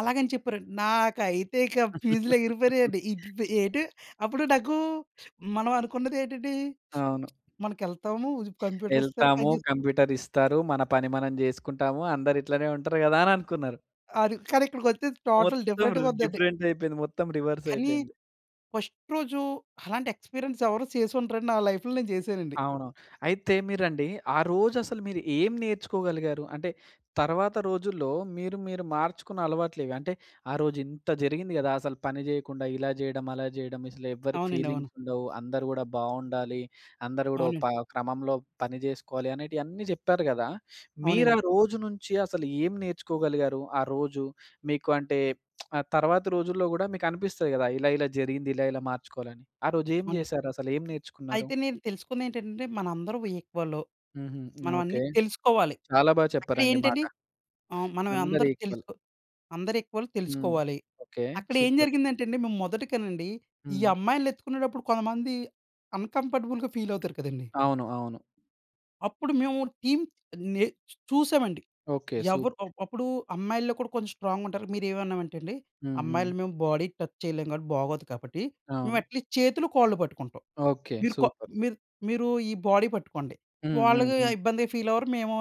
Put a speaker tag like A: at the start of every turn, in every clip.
A: అలాగని చెప్పారండి. నాకైతే ఇక ఫీజులెగిరిపోయినాయండి. ఇప్ ఇప్ ఏటు అప్పుడు నాకూ మనమనుకున్నదేటండి.
B: అవును.
A: మనకెళ్తాము [unintelligible] కంప్యూటరిస్తారు
B: ఎల్తాము
A: పనిజే
B: కంప్యూటరిస్తారు. మన పని మనం జేసుకుంటాము. అందరు ఇట్లనే ఉంటారు గదా అని అనుకున్నారు.
A: ఆదు కానీ ఇక్కడికొచ్చేసి టోటల్
B: మొత్తం రి
A: డిఫరెంట్‌గుందండి.
B: డిఫరెంటయిపోయింది. మొత్తం రివర్స్
A: కానీ
B: అయిపోయింది.
A: ఫస్ట్ రోజు అలాంటి ఎక్స్పీరియన్స్ ఎవరు సేసుండరండి. నా లైఫ్‌లో నేను చేసానండి.
B: అవును. అయితే మీరండి ఆ రోజు అసలు మీరు ఏం నేర్చుకోగలిగారు? అంటే తర్వాత రోజుల్లో మీరు మీరు మార్చుకున్న అలవాట్లేవి? అంటే ఆ రోజు ఇంత జరిగింది గదా! అసలు పని జేయకుండా, ఇలా చేయడం, అలా చేయడం. అసలెవ్వరికి
A: అవునండి. అవును.
B: ఫీలింగ్స్ ఉండవు. అందరూ గూడా బావుండాలి, అందరు గూడా ఒ ప
A: అవునండి.
B: క్రమంలో పని చేసుకోవాలి అనేటియన్ని చెప్పారు గదా! మీరు
A: అవునండి.
B: ఆ రోజు నుంచి అసలు ఏం నేర్చుకోగలిగారు? ఆ రోజు మీకు అంటే ఆ తర్వాత రోజుల్లో గూడా మీకు అనిపిస్తది గదా! ఇలా ఇలా జరిగింది. ఇలా ఇలా మార్చుకోవాలని. ఆ రోజు ఏం
A: అవునండి.
B: జేసారసలు ఏం నేర్చుకున్నారు?
A: అయితే నేను తెలుసుకున్నయేంటంటే, మన అందరం ఈక్వలు.
B: హుహు.
A: మనం
B: ఓకే.
A: అన్నీ తెలుసుకోవాలి.
B: చాలా బాగా చెప్పారండి మాట.
A: అక్కడేంటండి ఆహ్, మనమై అందరు
B: అందరీక్వల్.
A: తెలుసు. అందరు ఈక్వల్
B: హ్మ్.
A: తెలుసుకోవాలి.
B: ఓకే. సూపర్.
A: అక్కడేంజరిగిందంటే అండి. మేము మొదటికనండి. ఈ
B: హ్మ్.
A: అమ్మాయిలనెత్తుకునేటప్పుడు కొంతమంది అన్‌కంఫర్టబుల్‌గా ఫీలవుతారు కదండీ!
B: అవును. అవును.
A: అప్పుడు మేము టీమ్ నే చూసామండి.
B: ఓకే.
A: ఎవరు అ
B: సూపర్.
A: అప్పుడు అమ్మాయిల్లో కూడా కొంచెం స్ట్రాంగ్‌గుంటారు. మీరేమన్నామంటేండి
B: హుహు.
A: అమ్మాయిలు మేము బాడీ టచ్ చేయలేం కాబట్టి బాగోదు కాబట్టి మేము
B: అవును.
A: అట్లీస్ట్ చేతులు, కాళ్ళు పట్టుకుంటాం.
B: ఓకే.
A: మీరు కొ
B: సూపర్.
A: మీరు మీరు ఈ బాడీ పట్టుకోండి. వాళ్ళకి
B: హుహుహు.
A: ఇబ్బందిగా ఫీలవ్వరు. మేము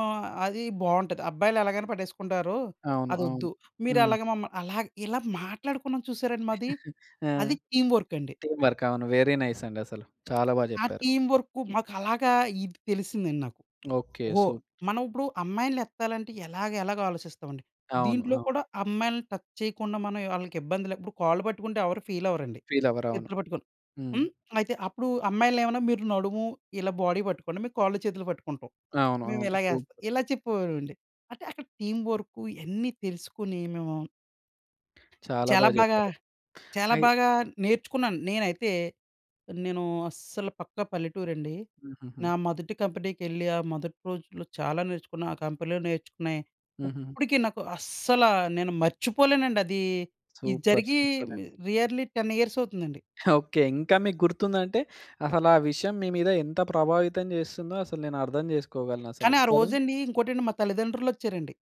A: అది బావుంటది. అబ్బాయిలు ఎలాగైనా పట్టేసుకుంటారు.
B: అవును. అవును.
A: అదొద్దు.
B: హ్మ్.
A: మీరలాగ మమ్మల్ని అలాగే ఇలా మాట్లాడుకున్నాం చూసారండి మాది.
B: ఆ!
A: అది టీమ్ వర్క్ అండి.
B: Team work. అవును. వెరీ నైస్ అండి. అసలు చాలా బా
A: ఆ
B: చెప్పారు.
A: టీమ్ వర్కు మాకు అలాగా ఇది తెలిసిందండి నాకు.
B: ఓకే.
A: ఓహో!
B: సూపర్.
A: మనం ఇప్పుడు అమ్మాయిల్ని ఎత్తాలంటే ఎలాగ ఎలాగ ఆలోచిస్తాం అండి.
B: అవును.
A: దీంట్లో
B: అవును.
A: కూడా అమ్మాయిల్ని టచ్ చేయకుండా. మనం వాళ్ళకి ఇబ్బంది లే ఇప్పుడు కాళ్ళు పట్టుకుంటే ఎవరు ఫీలవ్వరండి.
B: ఫీలవ్వరు. అవును.
A: చేతులు పట్టుకొని
B: హ్మ్.
A: హ్మ్. అయితే అప్పుడు అమ్మాయిల్ని ఏమన్నా మీరు నడుము ఇలా బాడీ బట్టుకోండి. మేము కాళ్ళు, చేతులు పట్టుకుంటాం.
B: అవును.
A: మేము
B: అవును.
A: ఇలాగేస్తాం.
B: సూపర్.
A: ఇలా చెప్పేవారండి. అంటే అక్కడ టీమ్ వర్క్ ఇయన్నీ తెలుసుకొని మేము
B: చాలా బా
A: చాలా బాగా,
B: జెప్పారు.
A: చాలా
B: అయ్
A: బాగా నేర్చుకున్నాను. నేనైతే నేను అస్సలు పక్కా పల్లెటూరండి.
B: హుహుహు.
A: నా మొదటి కంపెనీకెళ్ళి, ఆ మొదటి రోజుల్లో చాలా నేర్చుకున్న. ఆ కంపెనీలో నేర్చుకున్నాయి.
B: హుహుహు.
A: ఇప్పటికి నాకు అస్సలా నేను మర్చిపోలేనండి. అది ఇది
B: సూపర్.
A: జరిగి
B: సూపరండి.
A: మి రియర్‌లీ 10 ఇయర్స్ అవుతుందండి.
B: ఓకే. ఇంకా మీకు గుర్తుందంటే అసలా విషయం మీ మీద ఎంత ప్రభావితం జేస్తుందో అసలు నేను అర్ధం చేసుకోగలను. అసలు
A: కానీ ఆ
B: కదా!
A: రోజండి. ఇంకోటండి మా తల్లిదండ్రులొచ్చారండి.